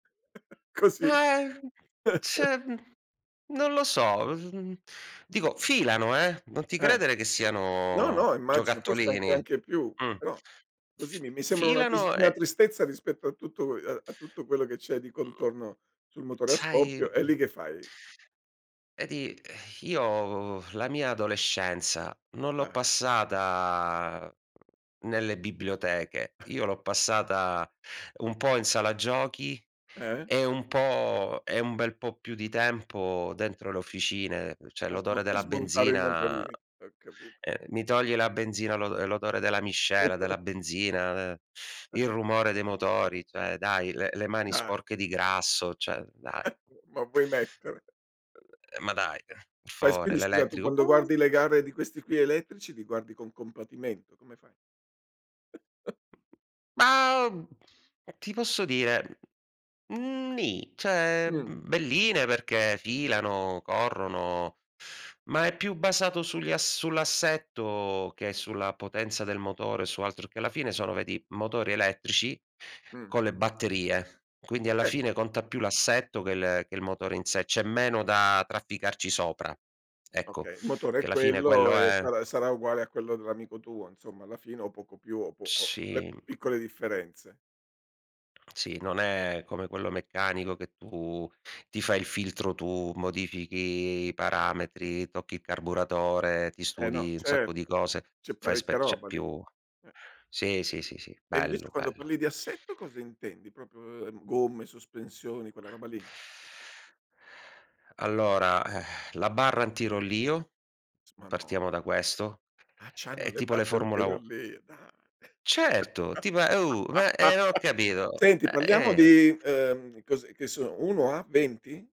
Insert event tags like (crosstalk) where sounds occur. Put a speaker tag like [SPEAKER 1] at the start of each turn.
[SPEAKER 1] (chuckles) Così.
[SPEAKER 2] Ah, e
[SPEAKER 1] (chuckles)
[SPEAKER 2] ze mhmm, non lo so. (unintelligible) Dico, filano, eh, non ti
[SPEAKER 1] Eh.
[SPEAKER 2] credere che
[SPEAKER 1] No,
[SPEAKER 2] siano
[SPEAKER 1] no, immagino, forse anche
[SPEAKER 2] giocattolini.
[SPEAKER 1] anche più,
[SPEAKER 2] Mh.
[SPEAKER 1] però, così
[SPEAKER 2] F
[SPEAKER 1] mi mi sembra una tis
[SPEAKER 2] filano
[SPEAKER 1] una
[SPEAKER 2] e
[SPEAKER 1] tristezza rispetto a tutto ue a tutto quello che c'è di
[SPEAKER 2] Mhmm.
[SPEAKER 1] contorno sul motore a
[SPEAKER 2] Sai,
[SPEAKER 1] scoppio. E lì
[SPEAKER 2] mhmm
[SPEAKER 1] che fai?
[SPEAKER 2] E di ehm, io la mia adolescenza, non l'ho
[SPEAKER 1] Eh.
[SPEAKER 2] passata nelle biblioteche.
[SPEAKER 1] (chuckles)
[SPEAKER 2] Io l'ho passata un po' in sala giochi
[SPEAKER 1] Eh.
[SPEAKER 2] e un po' e un bel po' più di tempo dentro le officine, uhm, cioè
[SPEAKER 1] A smo
[SPEAKER 2] l'odore
[SPEAKER 1] a
[SPEAKER 2] della
[SPEAKER 1] smontare i
[SPEAKER 2] benzina uhm,
[SPEAKER 1] motorini, ho capi
[SPEAKER 2] mi togli la benzina, l'odo ehm, l'odore della miscela, della
[SPEAKER 1] (chuckles)
[SPEAKER 2] benzina, de il rumore dei motori, cioè dai, le le mani
[SPEAKER 1] Dai.
[SPEAKER 2] sporche di grasso, cioè dai.
[SPEAKER 1] Eh, ma vuoi
[SPEAKER 2] Mhmm,
[SPEAKER 1] mettere?
[SPEAKER 2] eh, ma dai, per
[SPEAKER 1] Fai s
[SPEAKER 2] favore,
[SPEAKER 1] quindi scusa, tu
[SPEAKER 2] l'elettrico
[SPEAKER 1] quando guardi le gare di questi qui elettrici, li guardi con compatimento, come fai? (chuckles)
[SPEAKER 2] Ma, mhmm, ti posso dire, mhmm, ni, cioè
[SPEAKER 1] Mh.
[SPEAKER 2] mhmm, belline, perché filano, corrono, ma è più basato sugli a sull'assetto che sulla potenza del motore su altro, che alla fine, sono, vedi, motori elettrici
[SPEAKER 1] Mh.
[SPEAKER 2] con le batterie. Quindi alla
[SPEAKER 1] Eh.
[SPEAKER 2] fine, conta più l'assetto, che le che il motore in sé, c'è meno da trafficarci sopra. Ecco,
[SPEAKER 1] Okay. Motore è
[SPEAKER 2] che la fine
[SPEAKER 1] quello
[SPEAKER 2] quello
[SPEAKER 1] e
[SPEAKER 2] è
[SPEAKER 1] sarà sarà uguale a quello dell'amico tuo, insomma, alla fine o poco più o po o le
[SPEAKER 2] Sì.
[SPEAKER 1] piccole differenze.
[SPEAKER 2] Sì, non è come quello meccanico, che tu ti fai il filtro tu, modifichi i parametri, tocchi il
[SPEAKER 1] Eh.
[SPEAKER 2] carburatore, ti
[SPEAKER 1] Eh, no.
[SPEAKER 2] studi un sacco di
[SPEAKER 1] Certo,
[SPEAKER 2] cose,
[SPEAKER 1] c'è
[SPEAKER 2] fai
[SPEAKER 1] parecchia
[SPEAKER 2] spe c'è
[SPEAKER 1] roba lì.
[SPEAKER 2] più
[SPEAKER 1] Eh.
[SPEAKER 2] sì, sì, sì, sì,
[SPEAKER 1] E invece
[SPEAKER 2] bello,
[SPEAKER 1] quando
[SPEAKER 2] bello.
[SPEAKER 1] parli di assetto, cosa intendi? Proprio uhm, gomme, sospensioni, quella roba lì?
[SPEAKER 2] Allora, (exhales) la barra antirollio,
[SPEAKER 1] S ma no.
[SPEAKER 2] partiamo da questo.
[SPEAKER 1] Ah, c'hanno
[SPEAKER 2] È
[SPEAKER 1] le
[SPEAKER 2] tipo
[SPEAKER 1] barre
[SPEAKER 2] le Formula u
[SPEAKER 1] antirollio, dai.
[SPEAKER 2] Certo! Ti pa beh, eh, non ho
[SPEAKER 1] (laughs)
[SPEAKER 2] capito.
[SPEAKER 1] senti,
[SPEAKER 2] A
[SPEAKER 1] parliamo
[SPEAKER 2] e
[SPEAKER 1] di uhm, cos'è che sono 1 a 20?